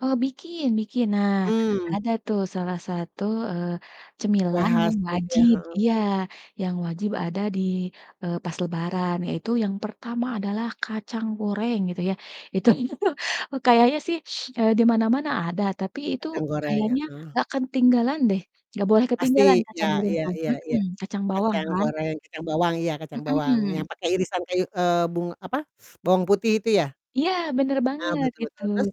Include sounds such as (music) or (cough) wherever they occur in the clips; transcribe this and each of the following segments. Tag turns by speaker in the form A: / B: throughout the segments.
A: Kalau bikin, bikin. Nah,
B: Mmm.
A: ada tuh salah satu, eee,
B: Kue
A: cemilan
B: khas
A: yang
B: gitu ya,
A: wajib
B: heeh.
A: iya, yang wajib ada di eee, pas Lebaran yaitu yang pertama adalah kacang goreng, gitu ya itu (laughs) kayaknya sih, eee, di mana-mana ada, tapi itu
B: Kacang goreng,
A: kayaknya
B: heeh.
A: nggak ketinggalan deh, nggak boleh ketinggalan
B: Pasti,
A: kacang
B: iya
A: goreng
B: iya
A: tuh,
B: iya iya,
A: mhm, kacang bawang
B: kacang
A: kan.
B: goreng, kacang bawang, iya, kacang bawang, yang
A: Mhm.
B: pakai irisan kayu eee, bung apa, (sucks teeth) bawang putih itu ya?
A: Iya, bener
B: Nah,
A: banget,
B: betul
A: gitu.
B: betul, terus?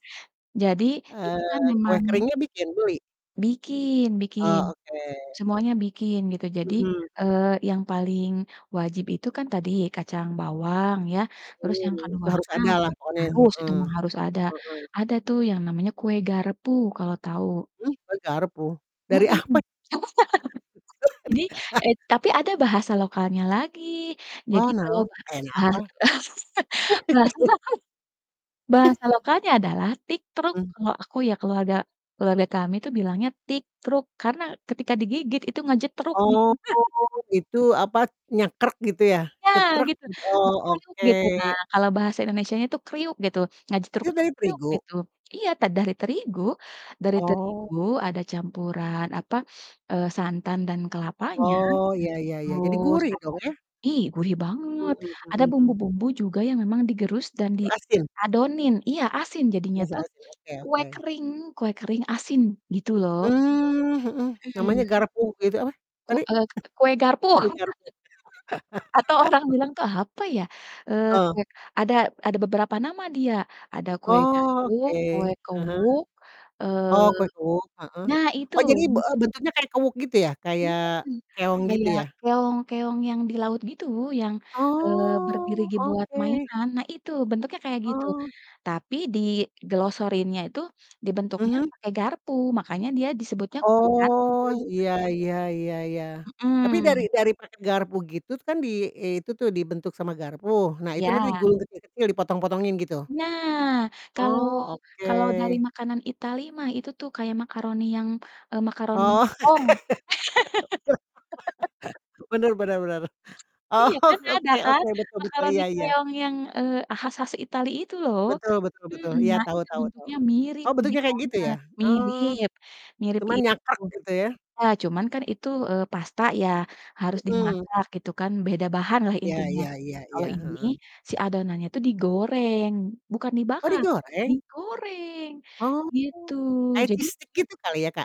A: Jadi,
B: Eee,
A: itu kan
B: kue
A: memang
B: keringnya bikin? Beli?
A: Bikin bikin,
B: Oh, oke.
A: semuanya bikin, gitu. Jadi,
B: Mhm mhm.
A: eee, yang paling wajib itu kan tadi kacang bawang ya,
B: Iya.
A: terus yang
B: Mmm, itu harus
A: keduanya
B: ada lah pokoknya,
A: harus, itu
B: heeh,
A: mah harus ada.
B: heeh.
A: Ada tuh yang namanya kue garpu kalau tahu.
B: Mmm, kue garpu? dari apa?
A: Mhm. (laughs) Ini
B: (laughs)
A: eee, tapi ada bahasa lokalnya lagi, jadi
B: Oh,
A: kalau
B: naon?
A: baha
B: Eh, na
A: baha
B: apa?
A: (laughs) bahasa
B: (laughs)
A: lokal bahasa lokalnya
B: (laughs)
A: adalah tiktruk
B: Hmm.
A: kalau aku ya, keluarga keluarga kami itu bilangnya tiktruk, karena ketika digigit, itu ngajetruk, gitu
B: Oh
A: kan. (laughs)
B: itu, apa, nyekrek gitu ya?
A: Ya,
B: Gi
A: gitu!
B: oh,
A: Kriuk,
B: oke.
A: gitu, nah, kalau bahasa Indonesianya itu "kriuk" gitu, ngajetruk,
B: Itu
A: itu
B: dari
A: kriuk
B: terigu?
A: gitu iya, ta dari terigu dari
B: Oh.
A: terigu ada campuran, apa, eee, santan dan kelapanya,
B: Oh, iya iya iya, jadi
A: terus
B: gurih
A: ada
B: dong ya?
A: ih, gurih
B: Mmm
A: banget,
B: mmm
A: ada
B: mmm, mhm.
A: bumbu-bumbu juga yang memang digerus dan
B: Itu asin?
A: diadonin iya, asin jadinya
B: Rasa
A: tuh,
B: asin, oke
A: kue
B: oke.
A: kering kue kering asin, gitu loh.
B: Mmm, mhm,
A: Mhm.
B: namanya garpu itu apa,
A: Ku
B: tapi? (chuckles)
A: eee, k kue garpu.
B: Kue garpu.
A: (laughs) Atau orang
B: (laughs)
A: bilang tuh apa ya, eee,
B: Heeh.
A: kue ada ada beberapa nama dia, ada kue garpu,
B: Oh, oke,
A: kue
B: ah hah.
A: kewuk,
B: Oh, kue
A: eee,
B: kuwuk, heeh.
A: nah itu,
B: Oh, jadi, be eee,
A: mungkin
B: bentuknya kayak kuwuk gitu ya,
A: Iya,
B: kayak keong gitu
A: kayak
B: ya?
A: keong keong yang di laut gitu, yang, eee, berdiri
B: Oh,
A: gi buat
B: oke.
A: mainan. Nah, itu bentuknya kayak gitu,
B: Oh.
A: tapi diglosorinnya itu, dibentuknya
B: Mhm.
A: pakai garpu, makanya dia disebutnya kue garpu.
B: Oh, iya iya iya iya. Tapi dari
A: Mhm.
B: dari pakai garpu gitu kan, di itu tuh, dibentuk sama garpu, nah itu nanti
A: Iya.
B: digulung kecil-kecil, dipotong-potongin gitu?
A: Nah, kalau
B: Oh,
A: kalau dari
B: oke.
A: makanan Italy mah itu tuh kayak makaroni yang, eee, makaroni
B: Oh,
A: keong. (laughs)
B: (laughs) bener bener bener. Oh,
A: Iya, kan ada
B: oke
A: kan,
B: oke, betul betul,
A: makaroni
B: iya iya.
A: keong yang, eee, khas-khas Italy itu lho,
B: Betul betul betul,
A: mhm.
B: iya
A: Nah,
B: tahu
A: itu
B: tahu tahu.
A: bentuknya mirip,
B: Oh,
A: mirip
B: bentuknya kayak gitu ya?
A: banget,
B: Oh,
A: mirip
B: cuma nyakrek,
A: itu.
B: gitu ya?
A: Iya, cuman kan itu, eee, pasta ya, harus
B: Mhm.
A: dimasak gitu kan, beda bahan lah,
B: Iya
A: intinya.
B: iya iya
A: Kalau
B: iya,
A: ini
B: heeh.
A: si adonannya tuh digoreng, bukan
B: Oh,
A: dibakar, tapi
B: digoreng?
A: digoreng,
B: Oh,
A: gitu.
B: kayak
A: Jadi
B: cheese stick gitu kali ya, Kak?